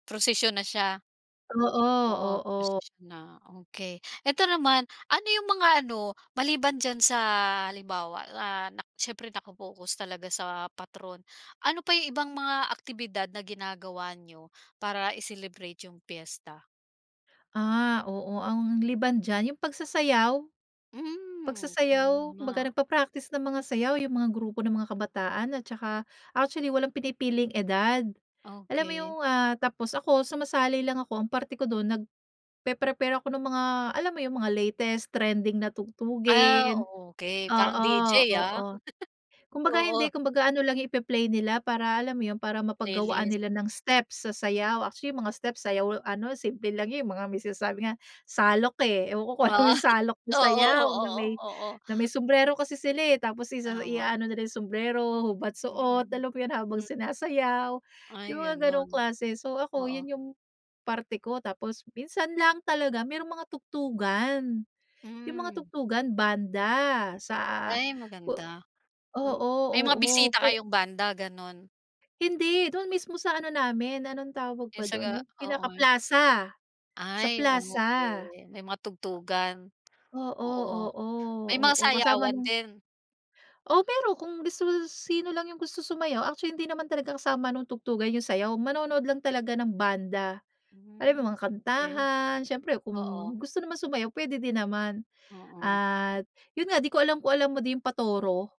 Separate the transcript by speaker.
Speaker 1: Prusisyon na siya.
Speaker 2: Oo,
Speaker 1: Po
Speaker 2: oo.
Speaker 1: prusisyon na, okey. Eto naman, ano yung mga ano, maliban diyan sa halimbawa na, nak syempre naka-focus talaga sa patron, ano pa yung ibang mga aktibidad na ginagawa niyo, para i-celebrate yung piyesta?
Speaker 2: Ah, oo, ang liban diyan, yung pagsasayaw
Speaker 1: Hmm,
Speaker 2: pagsasayaw, kumbaga
Speaker 1: tama.
Speaker 2: nagpa-practice ng mga sayaw yung mga grupo ng mga kabataan at tsaka actually walang pinipiling edad. Alam mo yung,
Speaker 1: Okey.
Speaker 2: ah, tapos ako sumasali lang ako, ang parte ko dun, nagpe-prepare ako nung mga, alam mo yung mga latest trending na
Speaker 1: Ah,
Speaker 2: tugtugin?
Speaker 1: okey parang
Speaker 2: Oo,
Speaker 1: DJ ah, D-J ah.
Speaker 2: oo. Kumbaga hindi,
Speaker 1: Oo.
Speaker 2: kumbaga ano lang yung ipe-play nila para alam mo yun, para mapaggawaan
Speaker 1: Playlist.
Speaker 2: nila ng steps sa sayaw. Actually, yung mga steps sa sayaw ano, simple lang yun, yung mga may sinasabi nga, "salok," eh. Ewan ko kung alam mo yung salok na
Speaker 1: Oo,
Speaker 2: sayaw,
Speaker 1: oo,
Speaker 2: na may
Speaker 1: oo, oo.
Speaker 2: na may sumbrero kasi sila, eh. Tapos isa
Speaker 1: Tama.
Speaker 2: iaano na nila yung sumbrero, hubad, suot,
Speaker 1: Mm.
Speaker 2: alam 'yon, habang
Speaker 1: M
Speaker 2: sinasayaw, yung
Speaker 1: Ay,
Speaker 2: mga
Speaker 1: gano'n.
Speaker 2: gano'ng klase. So ako,
Speaker 1: Oo.
Speaker 2: yun yung parte ko, tapos minsan lang talaga merong mga tugtugan. Yung mga
Speaker 1: Hmm.
Speaker 2: tugtugan, banda sa
Speaker 1: Ay, maganda.
Speaker 2: o
Speaker 1: M
Speaker 2: oo,
Speaker 1: may mga
Speaker 2: oo,
Speaker 1: bisita
Speaker 2: pe
Speaker 1: kayong banda, gano'n?
Speaker 2: Hindi, doon mismo sa ano namin, anong tawag
Speaker 1: Yung
Speaker 2: ba dun,
Speaker 1: saga
Speaker 2: yung
Speaker 1: oo.
Speaker 2: pinaka-plaza, sa
Speaker 1: Ay,
Speaker 2: plaza.
Speaker 1: okey, may mga tugtugan?
Speaker 2: A oo, oo.
Speaker 1: Oo, may mga
Speaker 2: Oo, kasama
Speaker 1: sayawan
Speaker 2: nung
Speaker 1: din?
Speaker 2: Oh, pero kung gusto mo si sino lang yung gusto sumayaw. Actually, hindi naman talaga kasama nung tugtugan yung sayaw, manonood lang talaga ng banda. Alam mo yun,
Speaker 1: Hmm,
Speaker 2: mga
Speaker 1: okey.
Speaker 2: kantahan, siyempre kung
Speaker 1: Oo.
Speaker 2: gusto naman sumayaw, pwede din naman.
Speaker 1: Oo.
Speaker 2: At yun nga, di ko alam kung alam mo din yung, "patoro?"